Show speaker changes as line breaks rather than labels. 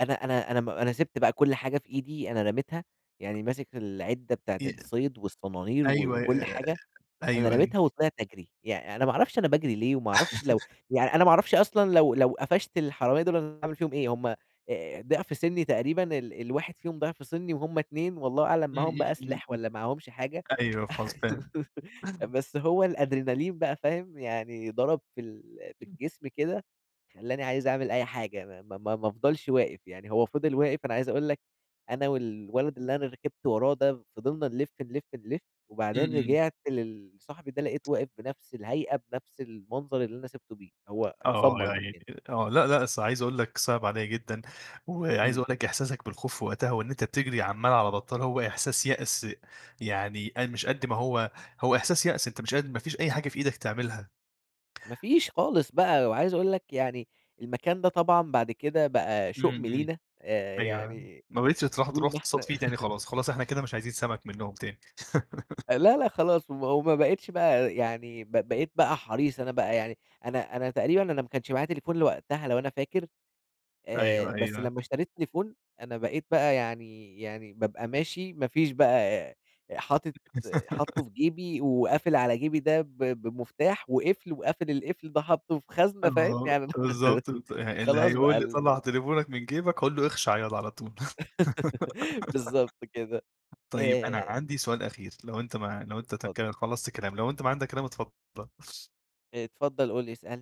أنا أنا أنا م أنا سِبت بقى كُلّ حاجة في إيدي أنا رميتها، يعني ماسك العدة بتاعة
إي
الصيد والصنانير و
أيوه
وكُلّ
آآ،
حاجة أنا
أيوه أيوه.
رميتها وطلعت أجري، يعني أنا ما أعرفش أنا باجري ليه وما اعرفش لو يعني أنا ما أعرفش أصلًا لو لو قفشت الحرامية دول أنا هاعمل فيهم إيه؟ هُم آآ، ضِعف سِنّي تقريبًا ال الواحد فيهم ضِعف سِنّي وهُم 2 والله أعلم
إمم،
معاهم
إمم،
بقى
إمم،
سلاح
إمم،
والّا معهمش حاجة،
أيوه خلاص فاهم.
بس هو الأدرينالين بقى فاهم؟ يعني ضرب في ال في
[unintelligible]
الجسم كده خلاني عايز أعمل أي حاجة ما ما ما ما افضلش واقف، يعني هو فضل واقف، أنا عايز أقول لك أنا والولد اللي أنا ركبت وراه ده فضلنا نلف، نلف، نلف،
إمم
وبعدين
إمم.
رجعت للصاحبي ده لقيته واقف بنَفس الهيئة بنَفس المنظر اللي أنا سِبته بيه، هو
آه يا
اتسمر
عيني
مكانه.
آه، لأ لأ أصل عايز أقول لك صِعب عليَّ جدًا، وعايز
إمم.
أقول لك إحساسك بالخوف في وقتها وإن أنت بتجري عمّال على بطّال هو إحساس يأس يعني، أ مش قدّ ما هو هو إحساس يأس، أنت مش قادر ما فيش أي حاجة في إيدك تعملها.
ما فيش خالص بقى، وعايز أقول لك يعني المكان ده طبعًا بعد كده بقى
إمم
شؤم
إمم،
لينا آآ،
أيوه،
يعني
ما بقيتش تروح
طول
تروح
ما
تصطاد
إحنا
فيه تاني خلاص، خلاص إحنا كده مش عايزين سمك منّهم تاني.
آآ، لا لا خلاص، و وما بقيتش بقى يعني ب بقيت بقى حريص، أنا بقى يعني أنا أنا تقريبًا أنا ما كانش معايا تليفون لوقتها لو أنا فاكر آآ،
أيوه
بس
أيوه.
لمّا اشتريت تليفون أنا بقيت بقى يعني يعني بابقى ماشي ما فيش بقى حاطط حاطه في جيبي وقافل على جيبي ده ب بمفتاح وقفل، وقافل القفل ده حاطه في خزنة فاهم؟
آه،
يعني أنا
بالضبط ت اللي
خلاص بقى
هيقول لي
ال
طلع تليفونك من جيبك هاقول له أخشع ياض على طول،
بالضبط كده،
طيب أنا
آآ
عندي سؤال أخير لو أنت ما لو أنت
اتفضل.
تك خلصت كلام لو أنت ما عندك كلام اتفضل.
اتفضل قُل لي اسألني.